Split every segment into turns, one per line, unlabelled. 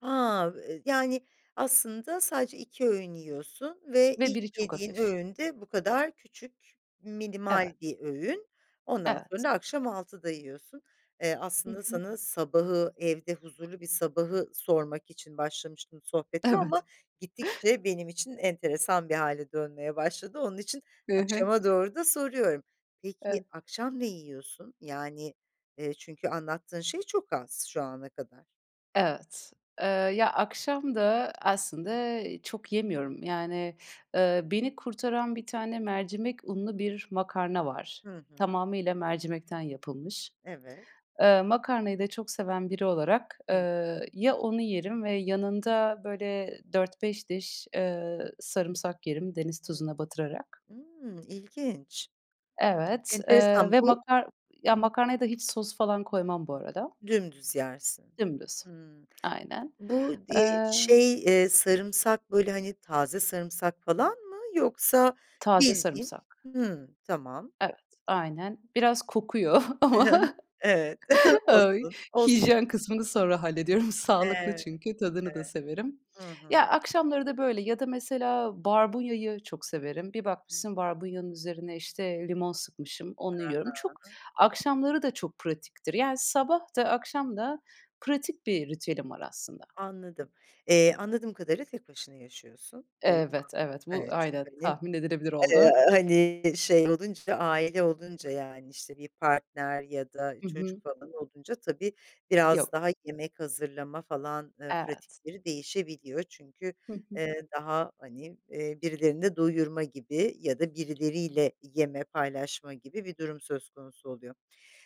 Ha, e yani, aslında sadece 2 öğün yiyorsun ve
Ve
ilk
biri çok
yediğin
hafif.
öğün de bu kadar küçük
Evet.
minimal bir öğün. Ondan sonra
Evet.
da akşam 6'da yiyorsun. Eee,
Hı
aslında
hı.
sana sabahı, evde huzurlu bir sabahı sormak için başlamıştım sohbete ama
Evet.
gittikçe benim için enteresan bir hâle dönmeye başladı. Onun için
Hı hı.
akşama doğru da soruyorum. Peki,
Evet.
akşam ne yiyorsun? Yani, eee, çünkü anlattığın şey çok az şu ana kadar.
Evet. Eee, ya akşam da aslında çok yemiyorum, yani, ııı, beni kurtaran bir tane mercimek unlu bir makarna var.
Hı hı.
Tamamıyla mercimekten yapılmış.
Evet.
Iıı, makarnayı da çok seven biri olarak,
Hıh.
ııı, ya onu yerim ve yanında, böyle, 4-5 diş, ııı, sarımsak yerim deniz tuzuna batırarak.
Imm, ilginç.
Evet, eee,
Enteresan,
ve
bu
makar ya
[unintelligible]
makarnaya da hiç sos falan koymam bu arada.
Dümdüz yersin.
Dümdüz.
Hımm.
Aynen.
Bu, di
Eee
şey, eee, sarımsak böyle, hani, taze sarımsak falan mı yoksa
Taze
bildiğin,
sarımsak.
hımm, tamam.
Evet, aynen. Biraz kokuyor
Hı hı.
ama
Evet,
ay
olsun, olsun.
hijyen kısmını sonra hallediyorum. Sağlıklı
Evet,
çünkü, tadını da
evet,
severim.
hı
Ya,
hı.
akşamları da böyle, ya da mesela barbunyayı çok severim. Bir bakmışsın barbunyanın üzerine, işte, limon sıkmışım, onu
Ha
yiyorum. Çok,
ha.
akşamları da çok pratiktir, yani, sabah da akşam da pratik bir ritüelim var aslında.
Anladım. Eee, anladığım kadarıyla tek başına yaşıyorsun. Doğru mu anladım?
Evet, evet, bu
Evet, çünkü,
aynen
hani,
tahmin edilebilir
eee,
oldu.
hani, şey olunca, aile olunca, yani, işte, bir partner ya da
Hı
çocuk
hı.
falan olunca tabii, biraz
Yok.
daha yemek hazırlama falan, ııı,
Evet.
pratikleri değişebiliyor. Çünkü,
Hı hı.
eee, daha, hani, eee, birilerini doyurma gibi ya da birileriyle yeme, paylaşma gibi bir durum söz konusu oluyor.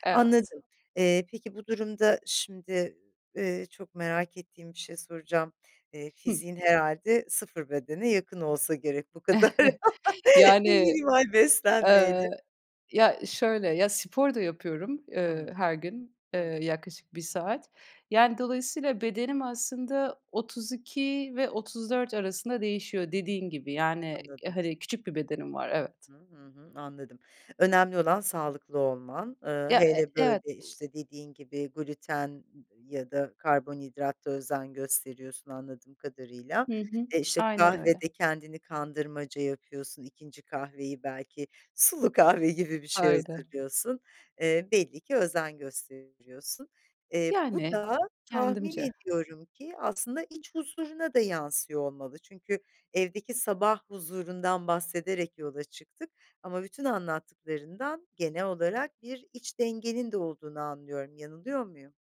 Evet.
Anladım. Eee, peki bu durumda şimdi, eee, çok merak ettiğim bir şey soracağım. Eee,
Hıh.
fiziğin herhâlde sıfır bedene yakın olsa gerek bu kadar
Yani,
minimal
eee,
beslenmeyle.
ya şöyle, ya spor da yapıyorum, ııı,
Hmmı.
her gün, eee,
Hı hı.
yaklaşık 1 saat. Yani, dolayısıyla bedenim aslında 32 ve 34 arasında değişiyor dediğin gibi. Yani,
Anladım.
hani, küçük bir bedenim var, evet.
Hı hı, Hı hı. Anladım. Önemli olan sağlıklı olman. Iıı,
Ya, eee,
hele, böyle,
evet, u
işte, dediğin gibi gluten, ııı, ya da karbonhidrata özen gösteriyorsun anladığım kadarıyla.
Hı hı.
E işte
Aynen öyle.
kahvede kendini kandırmaca yapıyorsun 2. kahveyi belki sulu kahve gibi bir şey
Öyle.
hazırlıyorsun. Eee, belli ki özen gösterebiliyorsun. Eee, bu
Yani,
da tahmin
kendimce.
ediyorum ki aslında iç huzuruna da yansıyor olmalı. Çünkü evdeki sabah huzurundan bahsederek yola çıktık ama bütün anlattıklarından genel olarak bir iç dengenin de olduğunu anlıyorum, yanılıyor muyum?